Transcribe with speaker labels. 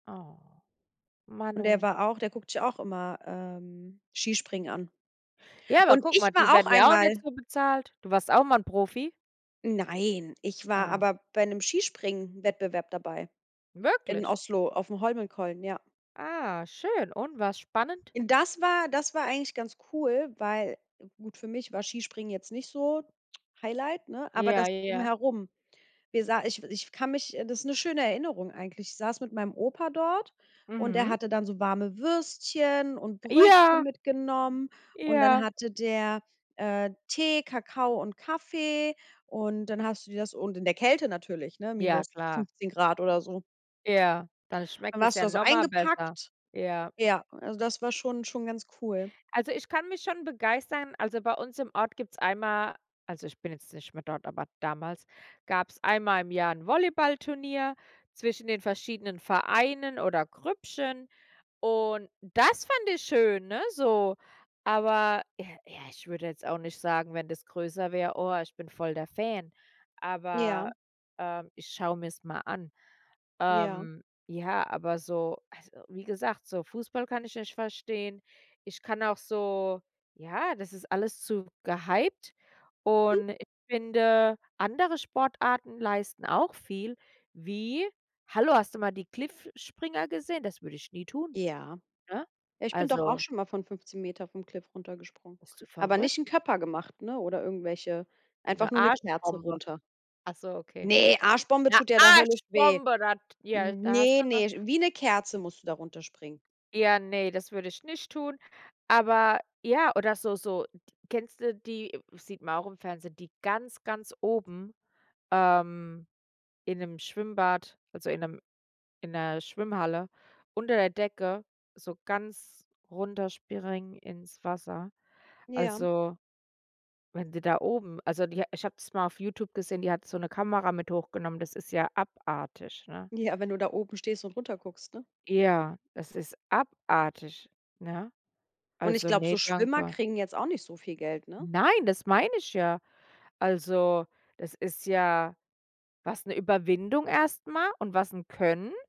Speaker 1: Oh,
Speaker 2: Und der
Speaker 1: Manno.
Speaker 2: war auch der guckt sich auch immer, ähm, Skispringen an.
Speaker 1: Ja, aber
Speaker 2: Und
Speaker 1: guck
Speaker 2: ich
Speaker 1: mal, die
Speaker 2: war auch
Speaker 1: werden ja auch nicht
Speaker 2: einmal
Speaker 1: so bezahlt. Du warst auch mal 'n Profi?
Speaker 2: Nein, ich war
Speaker 1: Ah.
Speaker 2: aber bei 'nem Skispringen-Wettbewerb dabei. In
Speaker 1: Wirklich?
Speaker 2: Oslo aufm Holmenkollen, ja.
Speaker 1: Ah, schön und war's spannend?
Speaker 2: Das war das war eigentlich ganz cool, weil gut für mich war Skispringen jetzt nicht so Highlight, ne, aber das
Speaker 1: Ja, ja.
Speaker 2: Drumherum. Wir sa ich ich kann mich, äh das ist 'ne schöne Erinnerung eigentlich. Ich saß mit meinem Opa dort und der
Speaker 1: Mhm.
Speaker 2: hatte dann so warme Würstchen und Brötchen
Speaker 1: Ja.
Speaker 2: mitgenommen. Und dann
Speaker 1: Ja.
Speaker 2: hatte der, äh, Tee, Kakao und Kaffee. Und dann hast du dir das und in der Kälte natürlich, ne,
Speaker 1: Ja,
Speaker 2: minus
Speaker 1: klar.
Speaker 2: 15 C oder so.
Speaker 1: Ja, dann
Speaker 2: Dann
Speaker 1: schmeckt es
Speaker 2: warst du
Speaker 1: ja
Speaker 2: da so
Speaker 1: noch mal besser.
Speaker 2: eingepackt.
Speaker 1: Ja.
Speaker 2: Ja, also das war schon schon ganz cool.
Speaker 1: Also ich kann mich schon begeistern, also bei uns im Ort gibt's einmal also ich bin jetzt nicht mehr dort, aber damals, gab's einmal im Jahr 'n Volleyballturnier zwischen den verschiedenen Vereinen oder Grüppchen. Und das fand ich schön, ne, so. Aber ja, ja, ich würde jetzt auch nicht sagen, wenn das größer wär: „Oh, ich bin voll der Fan.“ Aber,
Speaker 2: Ja.
Speaker 1: ähm, ich schaue mir's mal an.
Speaker 2: Ja.
Speaker 1: Ähm, ja, aber so also wie gesagt, so Fußball kann ich nicht verstehen. Ich kann auch so ja, das ist alles zu gehypt. Und ich finde, andere Sportarten leisten auch viel wie, hallo, hast du mal die Cliffspringer gesehen? Das würde ich nie tun,
Speaker 2: Ja,
Speaker 1: ne?
Speaker 2: ich bin doch auch
Speaker 1: Also
Speaker 2: schon mal von 15 m vom Cliff runtergesprungen,
Speaker 1: Bist du
Speaker 2: aber
Speaker 1: verrückt?
Speaker 2: nicht Köpfer gemacht, ne, oder irgendwelche
Speaker 1: 'Ne
Speaker 2: einfach nur 'ne Kerze
Speaker 1: Arschbombe.
Speaker 2: runter.
Speaker 1: Ach so, okay.'Ne
Speaker 2: Ne, Arschbombe tut ja da höllisch weh.
Speaker 1: Arschbombe, das ja, da hast
Speaker 2: Ne,
Speaker 1: du noch
Speaker 2: ne, sch wie eine Kerze musst du da runterspringen.
Speaker 1: Ja, ne, das würde ich nicht tun. Aber ja, oder so so, kennst du die sieht man auch im Fernsehen, die ganz, ganz oben, ähm, in 'nem Schwimmbad, also in 'nem in 'ner Schwimmhalle, unter der Decke so ganz runterspringen ins Wasser.
Speaker 2: Ja.
Speaker 1: Also, wenn die da oben also die ich habe das mal auf Youtube gesehen, die hat so 'ne Kamera mit hochgenommen. Das ist ja abartig, ne?
Speaker 2: Ja, wenn du da oben stehst und runter guckst, ne?
Speaker 1: Ja, das ist abartig, ne?
Speaker 2: Und ich
Speaker 1: Also
Speaker 2: glaube,
Speaker 1: ne,
Speaker 2: so Schwimmer
Speaker 1: danke.
Speaker 2: kriegen jetzt auch nicht so viel Geld, ne?
Speaker 1: Nein, das meine ich ja. Also das ist ja was, 'ne Überwindung erst mal und was 'n Können.